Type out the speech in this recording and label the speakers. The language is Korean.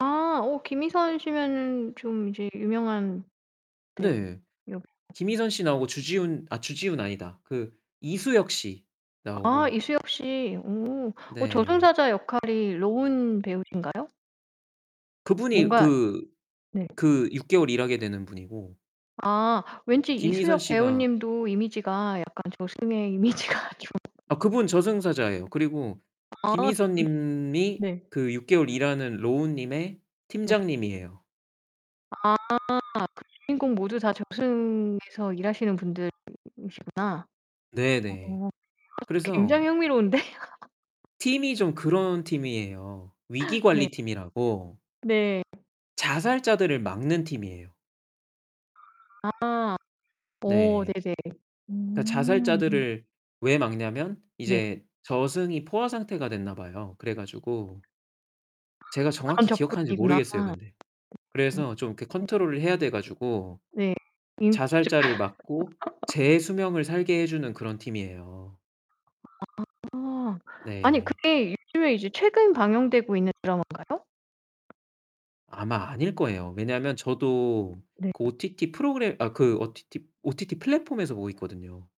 Speaker 1: 아 어 김희선 씨면은 좀 이제 유명한 대우
Speaker 2: 네.
Speaker 1: 여배
Speaker 2: 김희선 씨 나오고 주지훈 아 주지훈 아니다. 그 이수혁 씨
Speaker 1: 아
Speaker 2: 나오고.
Speaker 1: 이수혁 씨. 오 어
Speaker 2: 네.
Speaker 1: 저승사자 역할이 로운 배우신가요?
Speaker 2: 그분이
Speaker 1: 뭔가
Speaker 2: 그
Speaker 1: 네.
Speaker 2: 그 6 개월 일하게 되는 분이고
Speaker 1: 아 왠지
Speaker 2: 김희선
Speaker 1: 이수혁
Speaker 2: 씨가
Speaker 1: 배우님도 이미지가 약간 저승의 이미지가 좀
Speaker 2: 아 그분 저승사자예요. 그리고
Speaker 1: 아
Speaker 2: 김희선
Speaker 1: 그분
Speaker 2: 님이
Speaker 1: 네.
Speaker 2: 그 6 개월 일하는 로운 님의
Speaker 1: 네.
Speaker 2: 팀장님이에요.
Speaker 1: 아 그 주인공 모두 다 저승에서 일하시는 분들이시구나.
Speaker 2: 네네.
Speaker 1: 어
Speaker 2: 그래서
Speaker 1: 굉장히 흥미로운데.
Speaker 2: 팀이 좀 그런 팀이에요.
Speaker 1: 네.
Speaker 2: 위기관리 팀이라고
Speaker 1: 네.
Speaker 2: 자살자들을 막는 팀이에요.
Speaker 1: 아. 어
Speaker 2: 네.
Speaker 1: 네네.
Speaker 2: 그러니까
Speaker 1: 음.
Speaker 2: 자살자들을 왜 막냐면
Speaker 1: 네.
Speaker 2: 이제 저승이 포화 상태가 됐나 봐요. 그래 가지고 제가
Speaker 1: 그런
Speaker 2: 정확히 기억하는지
Speaker 1: 접근이구나.
Speaker 2: 모르겠어요,
Speaker 1: 음
Speaker 2: 근데. 그래서 좀 이렇게
Speaker 1: 네.
Speaker 2: 컨트롤을 해야 돼 가지고
Speaker 1: 네. 인구조절.
Speaker 2: 자살자를 막고 제 수명을 살게 해 주는 그런 팀이에요.
Speaker 1: 아. 아니
Speaker 2: 네.
Speaker 1: 그게 요즘에 이제 최근 방영되고 있는 드라마인가요?
Speaker 2: 아마 아닐 거예요. 왜냐하면 저도 그
Speaker 1: 네.
Speaker 2: OTT 프로그램 아 그 OTT OTT 플랫폼에서 보고 있거든요.